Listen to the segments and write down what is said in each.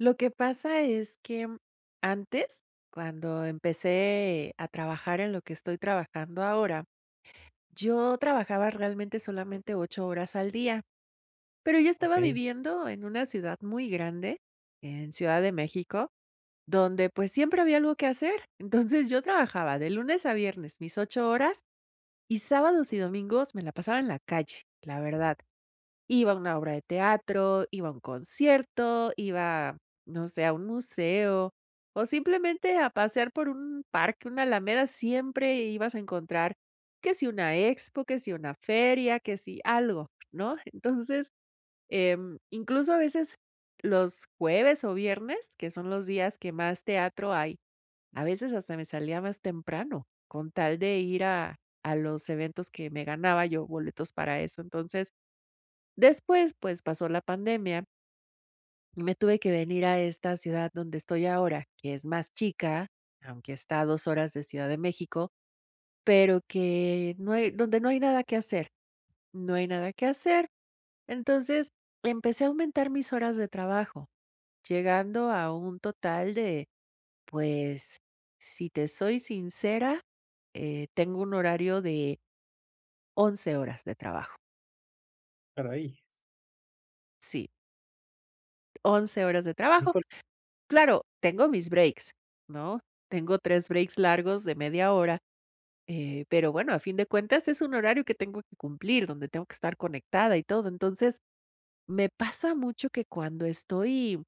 Lo que pasa es que mm, antes, cuando empecé a trabajar en lo que estoy trabajando ahora, yo trabajaba realmente solamente 8 horas al día, pero yo estaba Okey. viviendo en una ciudad muy grande, en Ciudad de México, donde, pues, siempre había algo que hacer. Entonces yo trabajaba de lunes a viernes mis 8 horas y sábados y domingos me la pasaba en la calle, la verdad. Iba a una obra de teatro, iba a un concierto, iba, no sé, a un museo o simplemente a pasear por un parque, una alameda, siempre ibas a encontrar que si una expo, que si una feria, que si algo, ¿no? Entonces, em, incluso a veces los jueves o viernes, que son los días que más teatro hay, a veces hasta me salía más temprano con tal de ir a a los eventos que me ganaba yo boletos, para eso, entonces. Después, pues pasó la pandemia y me tuve que venir a esta ciudad donde estoy ahora, que es más chica, aunque está a 2 horas de Ciudad de México, pero que no hay donde no hay nada que hacer no hay nada que hacer, entonces empecé a aumentar mis horas de trabajo, llegando a un total de, pues, si te soy sincera, eh, tengo un horario de 11 horas de trabajo. Para ellas. Sí. 11 horas de trabajo. [unintelligible] Claro, tengo mis breaks ¿no? Tengo 3 breaks largos de media hora, eh, pero bueno, a fin de cuentas es un horario que tengo que cumplir donde tengo que estar conectada y todo. Entonces, me pasa mucho que cuando estoy,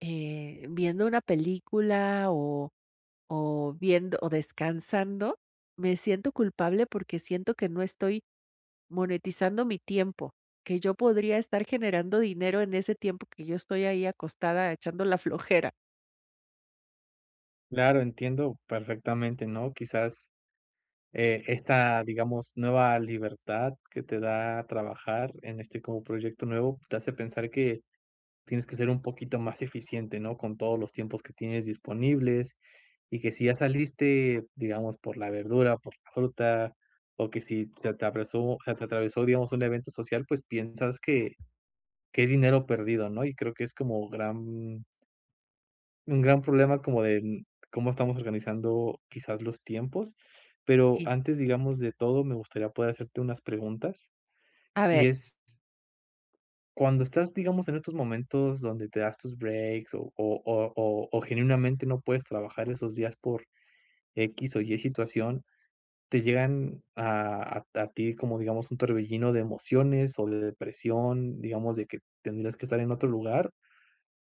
eh, viendo una película o o viendo o descansando, me siento culpable porque siento que no estoy monetizando mi tiempo, que yo podría estar generando dinero en ese tiempo que yo estoy ahí acostada, echando la flojera. Claro. Entiendo perfectamente, ¿no? Quizás. Esta, digamos, nueva libertad, que te da trabajar en este como proyecto nuevo te hace pensar que tienes que ser un poquito más eficiente, ¿no?, con todos los tiempos que tienes disponibles y que si ya saliste, digamos, por la verdura o por la fruta o que si se atravesó se te atravesó, digamos un evento social, pues piensas que que es dinero perdido, ¿no? Y creo que es como gran un gran problema como de cómo estamos organizando quizás los tiempos, pero Y antes, digamos de todo, me gustaría poder hacerte unas preguntas A y ver. es ¿Cuándo estás, digamos, en estos momentos donde te das tus breaks o o o o o genuinamente no puedes trabajar esos días por equis o ye situación, te llegan a a a ti como digamos, un torbellino de emociones o de depresión, digamos de que tendrías que estar en otro lugar,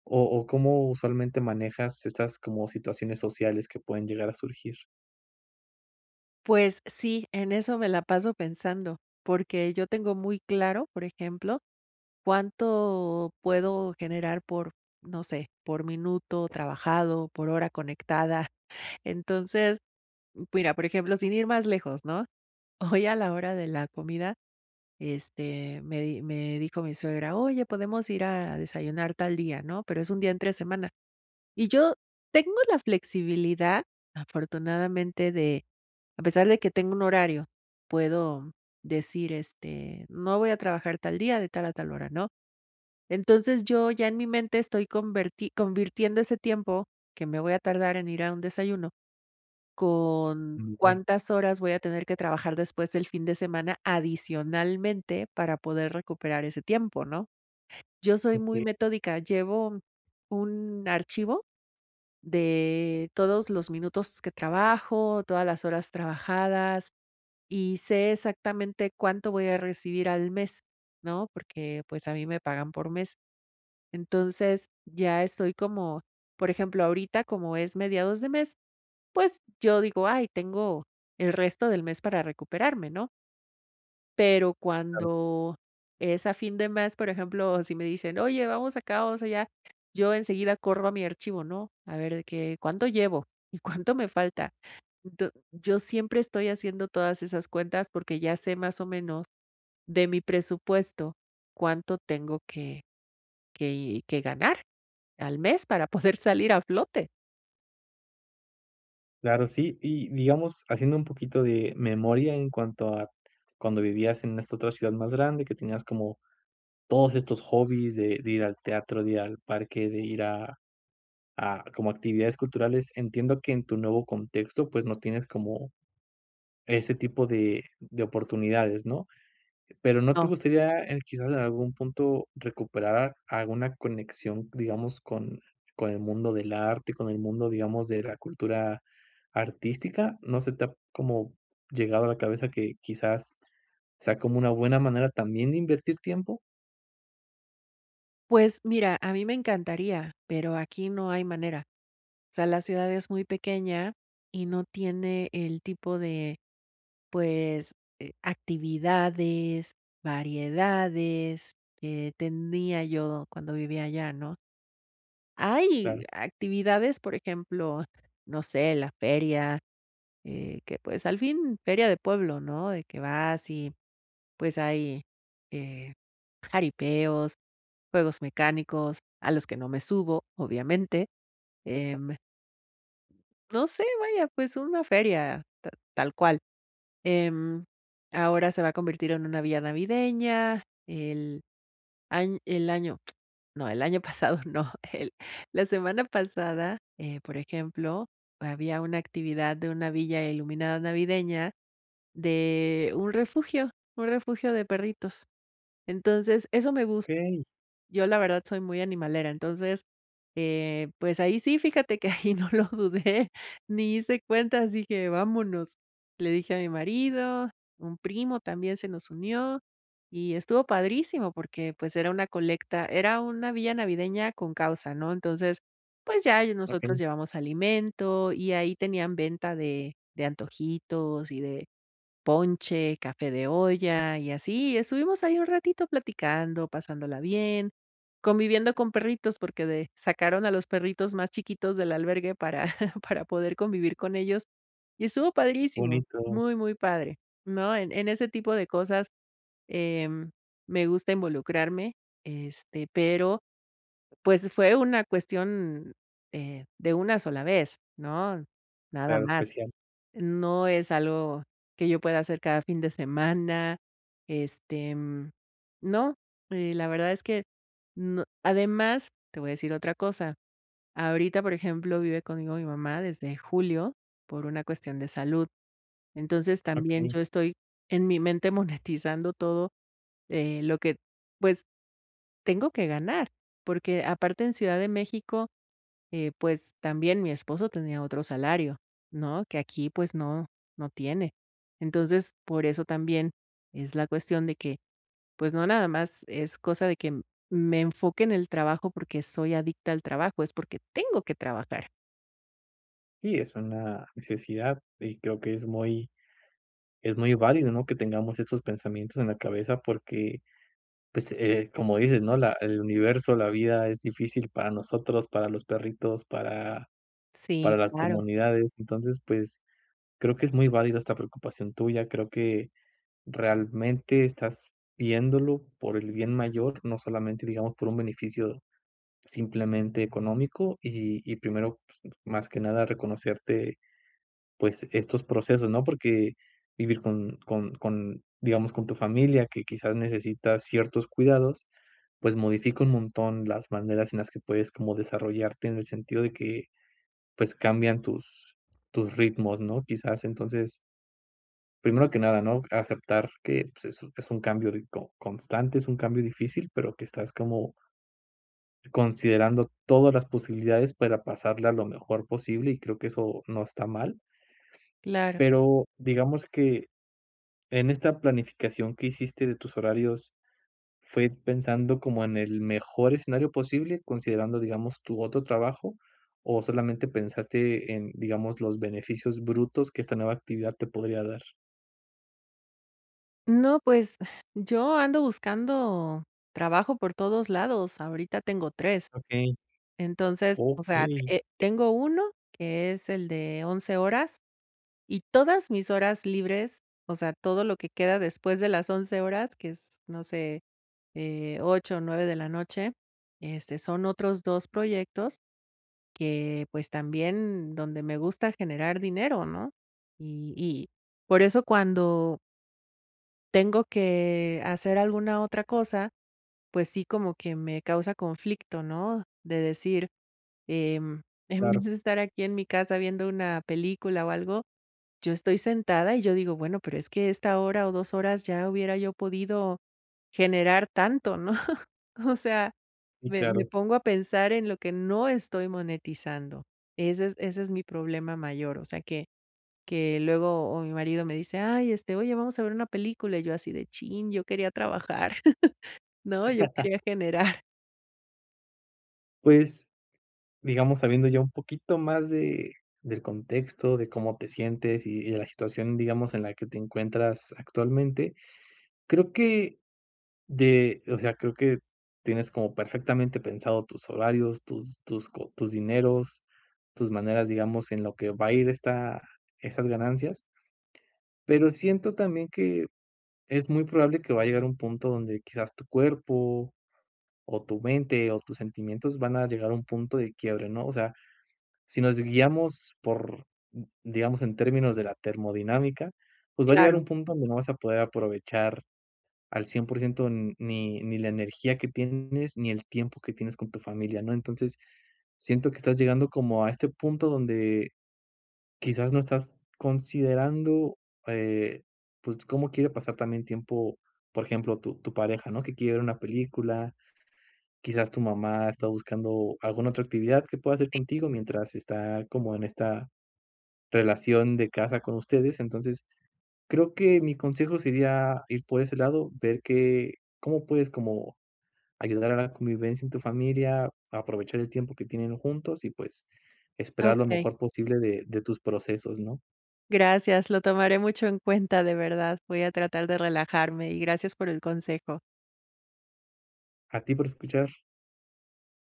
o o cómo usualmente manejas estas como situaciones sociales que pueden llegar a surgir? Pues sí, en eso me la paso pensando porque yo tengo muy claro, por ejemplo, cuánto puedo generar, por no sé por minuto trabajado por hora conectada. Entonces mira, por ejemplo, sin ir más lejos, ¿no? Hoy a la hora de la comida este, me di me dijo mi suegra: "Oye, ¿podemos ir a desayunar tal día", ¿no? Pero es un día entre semana y yo tengo la flexibilidad, afortunadamente, de, a pesar de que tengo un horario, puedo decir este, no voy a trabajar tal día de tal a tal hora, ¿no? Entonces yo ya en mi mente estoy converti convirtiendo ese tiempo, que me voy a tardar en ir a un desayuno, con [unintelligible] cuántas horas voy a tener que trabajar después, el fin de semana adicionalmente, para poder recuperar ese tiempo, ¿no? Yo soy muy Okey. metódica, llevo un archivo de todos los minutos que trabajo, todas las horas trabajadas, y sé exactamente cuánto voy a recibir al mes, ¿no? Porque, pues, a mí me pagan por mes, entonces ya estoy como, por ejemplo, ahorita como es mediados de mes, pues yo digo: "Ay, tengo el resto del mes para recuperarme", ¿no? Pero Claro. cuando es a fin de mes, por ejemplo, si me dicen: "Oye, vamos acá, vamos allá" yo enseguida corro a mi archivo, ¿no?, a ver de que, cuánto llevo y cuánto me falta. D yo siempre estoy haciendo todas esas cuentas porque ya sé más o menos, de mi presupuesto, cuánto tengo que que que ganar al mes para poder salir a flote. Claro, sí. Y, digamos, haciendo un poquito de memoria en cuanto a cuando vivías en esta otra ciudad más grande, que tenías como todos estos hobbies de de ir al teatro, de ir al parque, de ir a a, como actividades culturales. Entiendo que en tu nuevo contexto, pues, no tienes como ese tipo de de oportunidades, ¿no?, pero, ¿no te No. gustaría, eh, quizás en algún punto, recuperar alguna conexión, digamos con con el mundo del arte, con el mundo, digamos, de la cultura artística? ¿No se te ha, como, llegado a la cabeza que quizás sea como una buena manera también de invertir tiempo? Pues mira, a mí me encantaría, pero aquí no hay manera, o sea, la ciudad es muy pequeña y no tiene el tipo de pues, eh, actividades, variedades, eh, tenía yo cuando vivía allá, ¿no? Hay Claro. actividades, por ejemplo, no sé, la feria, eh, que pues, al fin feria de pueblo, ¿no?, de que vas, y pues hay, eh, jaripeos, juegos mecánicos, a los que no me subo, obviamente, [unintelligible] em no sé, vaya, pues una feria ta tal cual, em, ahora se va a convertir en una villa navideña. El añ el año no, el año pasado no, el la semana pasada, eh, por ejemplo, había una actividad de una villa iluminada navideña, de un refugio un refugio de perritos. Entonces, eso me gust Okey. Yo la verdad, soy muy animalera. Entonces, eh, pues ahí sí, fíjate que ahí no lo dudé ni hice cuentas, dije: "Vámonos", le dije a mi marido, un primo también se nos unió, y estuvo padrísimo porque, pues, era una colecta, era una vía navideña con causa, ¿no? Entonces, pues ya ahí nosotros Okey. llevamos alimento y ahí tenían venta de de antojitos y de ponche, café de olla, y así estuvimos ahí un ratito platicando, pasándola bien, conviviendo con perritos porque de sacaron a los perritos más chiquitos del albergue para para poder convivir con ellos, y estuvo padrísimo, Bonito. muy, muy padre, ¿no?, en en ese tipo de cosas, em, me gusta involucrarme, este, pero pues, fue una cuestión, eh, de una sola vez, ¿no?, nada Claro, más, especial. no es algo que yo pueda hacer cada fin de semana. Este, mm, no, y la verdad es que, no además, te voy a decir otra cosa, ahorita, por ejemplo, vive conmigo mi mamá desde julio por una cuestión de salud. Entonces, también Okey. yo estoy en mi mente monetizando todo, eh, lo que pues, tengo que ganar porque aparte en Ciudad de México, eh, pues, también mi esposo tenía otro salario, ¿no?, que aquí pues no, no tiene. Entonces, por eso también es la cuestión de que, pues no, nada más, es cosa de que me enfoque en el trabajo porque soy adicta al trabajo, es porque tengo que trabajar. Sí, es una necesidad, y creo que es muy es muy válido, ¿no?, que tengamos estos pensamientos en la cabeza porque, pues, eh, como dices, ¿no?, la el universo, la vida es difícil para nosotros, para los perritos, para para Sí, las claro. comunidades. Entonces, pues, creo que es muy válida esta preocupación tuya. Creo que realmente estás viéndolo por el bien mayor, no solamente, digamos, por un beneficio simplemente económico, y y, primero, pues, más que nada, reconocerte, pues, estos procesos, ¿no? Porque vivir con con con digamos, con tu familia, que quizás necesita ciertos cuidados, pues modifica un montón las maneras en las que puedes como desarrollarte en el sentido de que, pues, cambian tus tus ritmos, ¿no?, quizás, entonces Primero que nada, ¿no?, aceptar que, pues, es un es un cambio di co constante. Es un cambio difícil, pero que estás como considerando todas las posibilidades para pasarla lo mejor posible, y creo que eso no está mal. Claro. Pero digamos que, en esta planificación que hiciste de tus horarios, ¿fue pensando como en el mejor escenario posible, considerando, digamos, tu otro trabajo, o solamente pensaste en, digamos, los beneficios brutos que esta nueva actividad te podría dar? No, pues, yo ando buscando trabajo por todos lados, ahorita tengo 3. Okey. Entonces, o sea, Okey eh eh, tengo uno que es el de 11:00 horas, y todas mis horas libres, o sea, todo lo que queda después de las 11:00 horas, que es, no sé, eh, 8:00 o 9:00 de la noche, este, son otros 2 proyectos que, pues, también donde me gusta generar dinero, ¿no?, y y por eso cuando tengo que hacer alguna otra cosa, pues sí, como que me causa conflicto, ¿no?, de decir, em: "En vez Claro. de estar aquí en mi casa viendo una película o algo", yo estoy sentada, y yo digo: "Bueno, pero es que esta hora o 2 horas, ya hubiera yo podido generar tanto", ¿no?, o sea, Sí, me me claro. pongo a pensar en lo que no estoy monetizando. Ese es ese es mi problema mayor. O sea, que que luego, o mi marido me dice: "Ay, este, oye, vamos a ver una película", y yo así de: "¡Chin!, yo quería trabajar", ¿no?, yo quería generar. Pues, digamos, sabiendo ya un poquito más de del contexto, de cómo te sientes y de la situación, digamos, en la que te encuentras actualmente. Creo que de O sea, creo que tienes como perfectamente pensado tus horarios, tus tus co tus dineros. Tus maneras, digamos, en lo que va a ir, esta esas ganancias. Pero siento, también, que es muy probable que va a llegar un punto donde quizás tu cuerpo, o tu mente, o tus sentimientos van a llegar a un punto de quiebre, ¿no? O sea, si nos guiamos por Digamos, en términos de la termodinámica. Pues, va a llegar Claro. un punto donde no vas a poder aprovechar al 100% ni ni la energía que tienes, ni el tiempo, que tienes con tu familia, ¿no? Entonces, siento que estás llegando como a este punto, donde quizás no estás considerando, eh, pues, cómo quiere pasar también tiempo, por ejemplo, tu tu pareja, ¿no? Que quiere ver una película. Quizás tu mamá, está buscando alguna otra actividad que pueda hacer Sí. contigo, mientras está, como en esta relación, de casa con ustedes. Entonces, creo que mi consejo sería ir por ese lado. Ver qué cómo puedes, como ayudar a la convivencia en tu familia. Aprovechar el tiempo que tienen juntos y, pues, esperar lo Okey. mejor posible de de tus procesos, ¿no? Gracias. Lo tomaré mucho en cuenta, de verdad. Voy a tratar de relajarme. Y, gracias por el consejo. A ti, por escuchar.